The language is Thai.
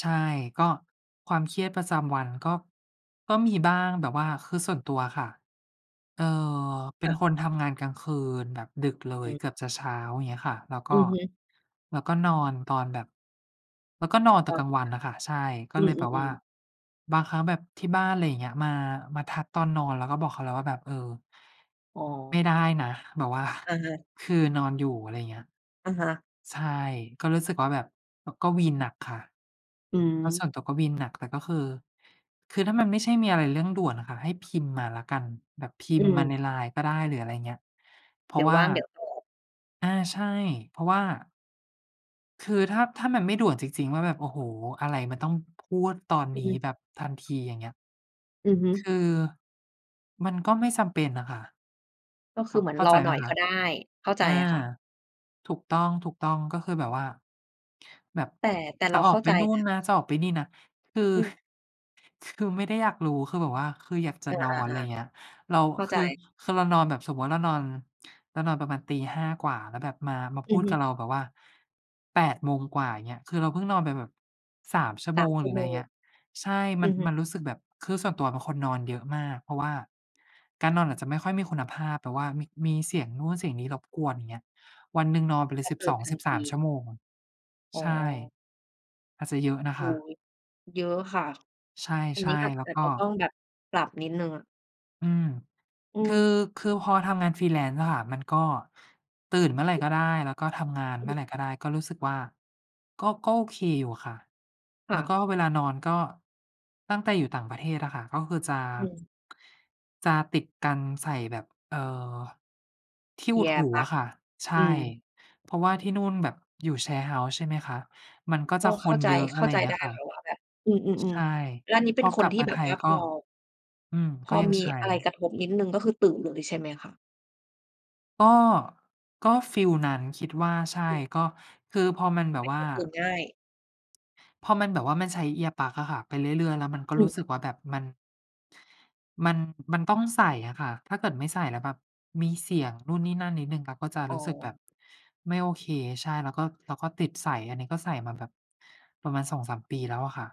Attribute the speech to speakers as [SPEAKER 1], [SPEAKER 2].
[SPEAKER 1] ใช่ ก็ความเครียดประจำวันก็ ก็มีบ้างแบบว่า คือส่วนตัวอะค่ะ เออ เป
[SPEAKER 2] ค
[SPEAKER 1] ็น
[SPEAKER 2] ่ะ
[SPEAKER 1] คนทำงานกลางคืนแบบดึกเล
[SPEAKER 2] อ
[SPEAKER 1] ย
[SPEAKER 2] ืม
[SPEAKER 1] เกือบจะเช้า อย่างเงี้ยค่ะ แล้วก
[SPEAKER 2] อื
[SPEAKER 1] ็
[SPEAKER 2] อฮึ
[SPEAKER 1] แล้วก็นอนตอนแบบ แล้วก็นอนแต
[SPEAKER 2] อ
[SPEAKER 1] ่
[SPEAKER 2] ๋อ ค่ะ
[SPEAKER 1] กลางวันอะค่ะ ใช่ ก็
[SPEAKER 2] อื
[SPEAKER 1] เลยแบบว่า
[SPEAKER 2] อ ๆ ๆ
[SPEAKER 1] บางครั้งแบบที่บ้าน อะไรอย่างเงี้ย มา มาทักตอนนอน เราก็บอกเขาแล้วว่าแบบ เออ
[SPEAKER 2] อ๋
[SPEAKER 1] ไม่
[SPEAKER 2] อ
[SPEAKER 1] ได้นะ แบบ ว่า
[SPEAKER 2] อะฮะ
[SPEAKER 1] คือนอนอยู่ อะไรเงี้ย
[SPEAKER 2] อะฮะ
[SPEAKER 1] ใช่ ก็รู้สึกว่า แบบ ก็วีนหนักค่ะ
[SPEAKER 2] อื
[SPEAKER 1] แล้วส่
[SPEAKER 2] ม
[SPEAKER 1] วนตัวก็วีนหนัก แต่ก็คือ คือถ้ามันไม่ใช่มีอะไรเรื่องด่วนอะค่ะ ให้พิมพ์มาแล้วกัน แบบพิ
[SPEAKER 2] อื
[SPEAKER 1] มพ์มาใน
[SPEAKER 2] ม
[SPEAKER 1] LINE ก็ได้ หรืออะไรเงี้ย เพร
[SPEAKER 2] เด
[SPEAKER 1] า
[SPEAKER 2] ี๋
[SPEAKER 1] ะ
[SPEAKER 2] ย
[SPEAKER 1] ว
[SPEAKER 2] ว
[SPEAKER 1] ่
[SPEAKER 2] ว
[SPEAKER 1] า
[SPEAKER 2] ่าง เดี๋ยวตอบ
[SPEAKER 1] อา ใช่ เพราะว่า คือถ้า ถ้ามันไม่ด่วนจริง ๆ ว่าแบบ โอ้โฮ อะไรมันต้องพรวดตอน
[SPEAKER 2] อื
[SPEAKER 1] นี
[SPEAKER 2] อ
[SPEAKER 1] ้
[SPEAKER 2] ฮึ
[SPEAKER 1] แบบทันที อย่างเงี้ย
[SPEAKER 2] อือฮึ
[SPEAKER 1] คือ มันก็ไม่จำเป็นน่ะค่ะ
[SPEAKER 2] ก็คื
[SPEAKER 1] อ๋อ
[SPEAKER 2] อ เหมือ
[SPEAKER 1] เ
[SPEAKER 2] น
[SPEAKER 1] ข้า
[SPEAKER 2] ร
[SPEAKER 1] ใจ
[SPEAKER 2] อห
[SPEAKER 1] ไหม
[SPEAKER 2] น่อย
[SPEAKER 1] ค
[SPEAKER 2] ก
[SPEAKER 1] ะ?
[SPEAKER 2] ็ได้ เข้าใ
[SPEAKER 1] อ
[SPEAKER 2] จ
[SPEAKER 1] า
[SPEAKER 2] อะค่ะ
[SPEAKER 1] ถูกต้อง ๆ ก็คือแบบว่า แบบ
[SPEAKER 2] แต่ แต่
[SPEAKER 1] จ
[SPEAKER 2] เ
[SPEAKER 1] ะ
[SPEAKER 2] รา
[SPEAKER 1] อ
[SPEAKER 2] เ
[SPEAKER 1] อ
[SPEAKER 2] ข้
[SPEAKER 1] ก
[SPEAKER 2] า
[SPEAKER 1] ไป
[SPEAKER 2] ใจ
[SPEAKER 1] นู่
[SPEAKER 2] น
[SPEAKER 1] น
[SPEAKER 2] ะ
[SPEAKER 1] นะ จะออกไปนี่นะ คือ
[SPEAKER 2] อืม
[SPEAKER 1] คือไม่ได้อยากรู้ คือแบบว่า คืออยากจะ
[SPEAKER 2] อา
[SPEAKER 1] นอน อะไรเงี
[SPEAKER 2] ๆ
[SPEAKER 1] ้ย เรา
[SPEAKER 2] ๆ เข้า
[SPEAKER 1] ค
[SPEAKER 2] ใ
[SPEAKER 1] ือ
[SPEAKER 2] จ
[SPEAKER 1] คือเรานอน แบบสมมุติเรานอน เรานอนประมาณตี 5 กว่า แล้วแบบมา มา
[SPEAKER 2] อ
[SPEAKER 1] พ
[SPEAKER 2] ื
[SPEAKER 1] ู
[SPEAKER 2] อ
[SPEAKER 1] ด
[SPEAKER 2] ฮ
[SPEAKER 1] ก
[SPEAKER 2] ึ
[SPEAKER 1] ับเราแบบว่า 8 โมงกว่า เงี้ย คือเราเพิ่งนอนไปแบบ 3 ชั่ว
[SPEAKER 2] ส
[SPEAKER 1] โม
[SPEAKER 2] าม
[SPEAKER 1] ง
[SPEAKER 2] ชั
[SPEAKER 1] หร
[SPEAKER 2] ่
[SPEAKER 1] ื
[SPEAKER 2] ว
[SPEAKER 1] อไ
[SPEAKER 2] โม
[SPEAKER 1] ร
[SPEAKER 2] ง
[SPEAKER 1] เงี้ย ใช่ ม
[SPEAKER 2] อื
[SPEAKER 1] ัน
[SPEAKER 2] อฮึ
[SPEAKER 1] มันรู้สึกแบบ คือส่วนตัวเป็นคนนอนเยอะมาก เพราะว่าการนอนอาจจะไม่ค่อยมีคุณภาพแบบว่ามี มีเสียงนู่นเสียงนี้รบกวน อย่างเงี้ย วันหนึ่งนอนไปเล
[SPEAKER 2] จ
[SPEAKER 1] ย
[SPEAKER 2] ะ
[SPEAKER 1] สิ
[SPEAKER 2] เ
[SPEAKER 1] บ
[SPEAKER 2] ปิ
[SPEAKER 1] ส
[SPEAKER 2] ด
[SPEAKER 1] อง
[SPEAKER 2] ทั
[SPEAKER 1] สิ
[SPEAKER 2] น
[SPEAKER 1] บ
[SPEAKER 2] ท
[SPEAKER 1] สาม
[SPEAKER 2] ี
[SPEAKER 1] ชั่วโมง
[SPEAKER 2] อ๋
[SPEAKER 1] ใ
[SPEAKER 2] อ
[SPEAKER 1] ช่ อาจจะเยอะนะ
[SPEAKER 2] โอ
[SPEAKER 1] ค
[SPEAKER 2] ้
[SPEAKER 1] ะ
[SPEAKER 2] โฮ เยอะค่ะ
[SPEAKER 1] ใ
[SPEAKER 2] อัน
[SPEAKER 1] ช
[SPEAKER 2] นี
[SPEAKER 1] ่
[SPEAKER 2] ้ก็อาจ
[SPEAKER 1] ๆ แล้ว
[SPEAKER 2] อาจ
[SPEAKER 1] ก็
[SPEAKER 2] จะต้องแบบ ปรับนิดหนึ่งอะ
[SPEAKER 1] อืม
[SPEAKER 2] อื
[SPEAKER 1] คือ
[SPEAKER 2] ม
[SPEAKER 1] คือพอทำงาน Freelance อะค่ะ มันก็ตื่นเมื่อไหร่
[SPEAKER 2] อือ
[SPEAKER 1] ก็ได้ แล้วก็ทำงานเมื่อไร
[SPEAKER 2] อือ
[SPEAKER 1] ก็ได้ ก็รู้สึกว่า ก็ ก็โอเคอยู่อะค่ะ
[SPEAKER 2] ค
[SPEAKER 1] แ
[SPEAKER 2] ่
[SPEAKER 1] ล้วก
[SPEAKER 2] ะ
[SPEAKER 1] ็เวลานอนก็ ตั้งแต่อยู่ต่างประเทศอะค่ะ ก็คือจะ
[SPEAKER 2] อืม
[SPEAKER 1] จะติดการ ใส่แบบ เออ ที่อุดห
[SPEAKER 2] Ear
[SPEAKER 1] ูอ
[SPEAKER 2] Plug
[SPEAKER 1] ะค่ะ ใช
[SPEAKER 2] อื
[SPEAKER 1] ่
[SPEAKER 2] ม
[SPEAKER 1] เพราะว่าที่นู่นแบบอยู่ Share House ใช่ไหมคะ มันก็
[SPEAKER 2] ก
[SPEAKER 1] จ
[SPEAKER 2] ็
[SPEAKER 1] ะค
[SPEAKER 2] เข้า
[SPEAKER 1] น
[SPEAKER 2] ใจ
[SPEAKER 1] เยอะ
[SPEAKER 2] เ
[SPEAKER 1] อ
[SPEAKER 2] ข
[SPEAKER 1] ะไ
[SPEAKER 2] ้า
[SPEAKER 1] รอ
[SPEAKER 2] ใ
[SPEAKER 1] ย
[SPEAKER 2] จ
[SPEAKER 1] ่างเงี
[SPEAKER 2] ไ
[SPEAKER 1] ้
[SPEAKER 2] ด้
[SPEAKER 1] ยค่ะ
[SPEAKER 2] ค่ะว่าแบบ อื
[SPEAKER 1] ใ
[SPEAKER 2] ม
[SPEAKER 1] ช่
[SPEAKER 2] ๆ ๆ แล้วอันนี้เป
[SPEAKER 1] พ
[SPEAKER 2] ็น
[SPEAKER 1] อ
[SPEAKER 2] ค
[SPEAKER 1] ก
[SPEAKER 2] น
[SPEAKER 1] ลับ
[SPEAKER 2] ที่
[SPEAKER 1] มา
[SPEAKER 2] แบ
[SPEAKER 1] ไท
[SPEAKER 2] บว
[SPEAKER 1] ย
[SPEAKER 2] ่าพ
[SPEAKER 1] ก็
[SPEAKER 2] อ
[SPEAKER 1] อืม
[SPEAKER 2] พ
[SPEAKER 1] ก็
[SPEAKER 2] อ
[SPEAKER 1] ยัง
[SPEAKER 2] มี
[SPEAKER 1] ใช
[SPEAKER 2] อะไร
[SPEAKER 1] ้
[SPEAKER 2] กระทบนิดหนึ่ง ก็คือตื่นเลยใช่ไหมคะ?
[SPEAKER 1] ก็ ก็ฟีลนั้นคิดว่า ใช่
[SPEAKER 2] ตื่น
[SPEAKER 1] ก็ คือพอมันแบ
[SPEAKER 2] เป
[SPEAKER 1] บ
[SPEAKER 2] ็น
[SPEAKER 1] ว
[SPEAKER 2] ค
[SPEAKER 1] ่า
[SPEAKER 2] นตื่นง่าย
[SPEAKER 1] พอมันแบบว่า มันใช้ Earplug อะค่ะ ไปเรื่อย ๆ แล้วมันก็
[SPEAKER 2] อื
[SPEAKER 1] รู้
[SPEAKER 2] อ
[SPEAKER 1] สึกว่าแบบ มัน มัน มันต้องใส่อะค่ะ ถ้าเกิดไม่ใส่แล้วแบบมีเสียงนู่นนี่นั่นนิดหนึ่ง เราก็จะ
[SPEAKER 2] อ๋
[SPEAKER 1] รู้สึกแบ
[SPEAKER 2] อ
[SPEAKER 1] บไม่โอเค ใช่ แล้วก็ แล้วก็ติดใส่ อันนี้ก็ใส่มาแบบประมาณ 2-3 ปีแล้วอะค่ะ